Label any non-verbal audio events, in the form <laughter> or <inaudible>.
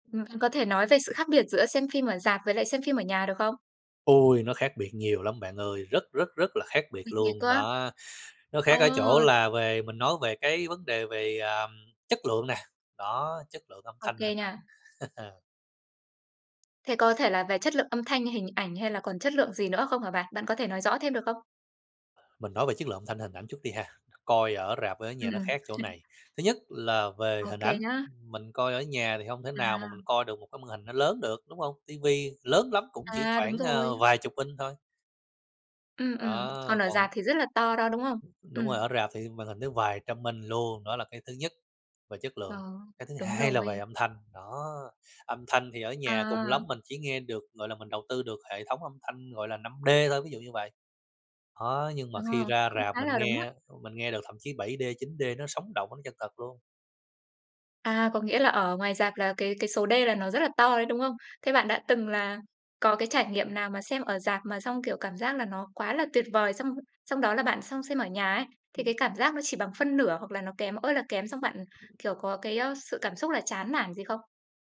Ừm, có thể nói về sự khác biệt giữa xem phim ở rạp với lại xem phim ở nhà được không? Ôi, nó khác biệt nhiều lắm bạn ơi, rất, rất, rất là khác biệt Nhiều thế cơ luôn, á! đó. Nó khác ở chỗ Ờ. là về mình nói về cái vấn đề về, ờm, chất lượng nè, đó, chất lượng âm Ô thanh kê hình ảnh. nha. <chuckles> Thế có thể là về chất lượng âm thanh, hình ảnh hay là còn chất lượng gì nữa không hả bạn? Bạn có thể nói rõ thêm được không? Mình nói về chất lượng âm thanh hình ảnh chút đi ha, coi ở rạp ở nhà Ừm, nó ừm. khác chỗ này. <chuckles> Thứ nhất là về Ô hình kê ảnh, nhá. mình coi ở nhà thì hông thể nào mà mình À. coi được một cái màn hình nó lớn được, đúng hông? Tivi lớn lắm cũng chỉ À, đúng khoảng, a, rồi. vài chục inch thôi. Ừm, ừm. Á, Còn ở còn rạp thì rất là to đo, đúng không? Đúng rồi, ở Ừm. rạp thì màn hình nó vài trăm inch luôn, đó là cái thứ nhất, về chất lượng. Ờ, Cái thứ đúng hai là về rồi. âm thanh, đó, âm thanh thì ở nhà cùng lắm À. mình chỉ nghe được, gọi là, mình đầu tư được hệ thống âm thanh, gọi là, 5D thôi, ví dụ như vậy. Đó, nhưng mà Ờ, khi ra cũng rạp khá mình là đúng á. nghe mình nghe được thậm chí 7D, 9D nó sống động, nó chân thật luôn. À, có nghĩa là ở ngoài rạp là cái cái số D là nó rất là to đấy, đúng không? Thế bạn đã từng là có cái trải nghiệm nào mà xem ở rạp mà xong, kiểu, cảm giác là nó quá là tuyệt vời, xong xong đó là bạn sang xem ở nhà ấy, thì cái cảm giác nó chỉ bằng phân nửa hoặc là nó kém ơi là kém xong bạn, kiểu, có cái, ơ, sự cảm xúc là chán nản gì không?